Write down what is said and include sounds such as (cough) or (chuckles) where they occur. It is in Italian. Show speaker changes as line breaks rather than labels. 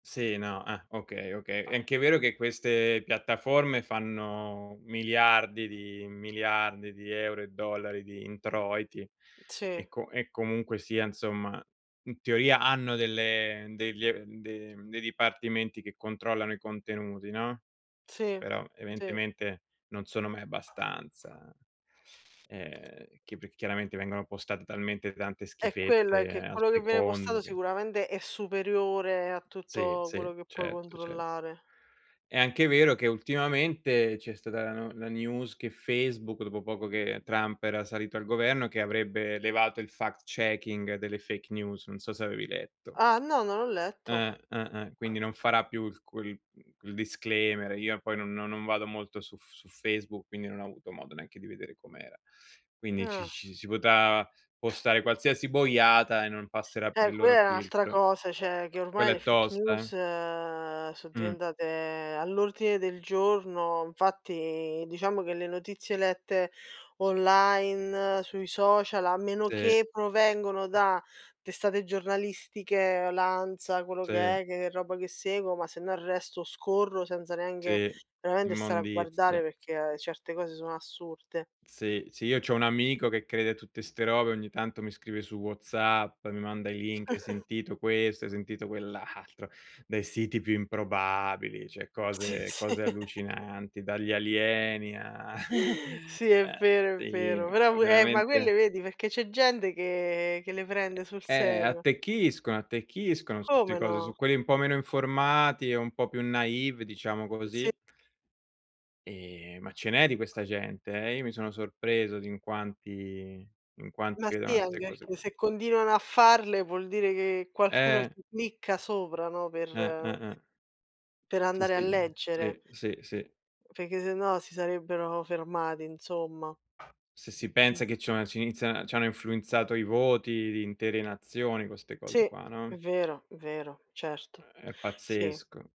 Sì. No. Eh, okay, okay. È anche vero che queste piattaforme fanno miliardi di miliardi di euro e dollari di introiti
Sì.
e co e comunque sia, insomma, in teoria hanno delle degli ehm, de mhmm, dei dipartimenti che controllano i contenuti, no,
Sì,
però
sì.
evidentemente non sono mai abbastanza. Ehm, chi p chiaramente vengono postate talmente tante
È quella,
schifezze
che
al
quello che viene postato
secondo che
sicuramente è superiore a
Sì,
tutto
sì,
quello che puoi
certo, certo.
controllare.
È anche vero che ultimamente c'è stata la no la news che Facebook dopo poco che Trump era salito al governo che avrebbe levato il fact checking delle fake news, non so se avevi letto.
Ah, no, non ho letto.
Eh, eh, eh. Quindi non farà più il cul il disclaimer. Io poi non non vado molto su F su Facebook, quindi non ho avuto modo neanche di vedere com'era. Quindi ci
Ah.
ci si potrà postare qualsiasi boiata e non passerà per
Eh,
il loro
quella è n'altra
filtro.
cosa, cioè, che ormai
Quella
le
è
fake
tosta, eh.
news so
Mh.
diventate all'ordine del giorno, infatti diciamo che le notizie lette online sui social, a meno
Sì.
che provengono da testate giornalistiche, l'ANSA, quello che
Sì.
è, che roba che seguo, ma sennò scorro senza neanche
Sì,
veramente stare a guardare,
immondizia.
perché certe cose sono assurde.
Sì. Sì, io c'ho un amico che crede a tutte 'ste robe, ogni tanto mi scrive su WhatsApp, mi manda i link, hai
(laughs)
sentito questo, hai sentito quell' altro, dai siti più improbabili, cioè
Sì,
cose
sì.
cose
(chuckles)
allucinanti, dagli alieni a (chuckles)
Sì, è
uhm,
vero, è
sì,
vero, però
ma
pure Eh, ma quelle
veramente
vedi? Perché c'è gente che che le prende sul
Eh,
serio.
attecchiscono, attecchiscono su 'ste
Come
cose,
no.
su quelli un po' meno informati, e un po' più naïve, diciamo
Sì.
così. Ehm, ma ce n'è di questa gente, eh. Io mi sono sorpreso di in quanti in quanti
Ma
credono
sì,
a
anche
'ste cose
perché
qua.
se continuano a farle vuol dire che qualcuno
Eh.
ci clicca sopra, no,
Eh,
per
eh, eh.
per
Sì,
andare a
sì.
leggere.
Sì, sì, sì.
Perché sennò si sarebbero fermati, insomma.
Se si
Mh.
pensa che c'hanno ci inizia ci hanno influenzato i voti di intere nazioni co 'ste
Sì,
cose qua,
è
no?
vero, è vero. Certo.
È
Sì.
pazzesco.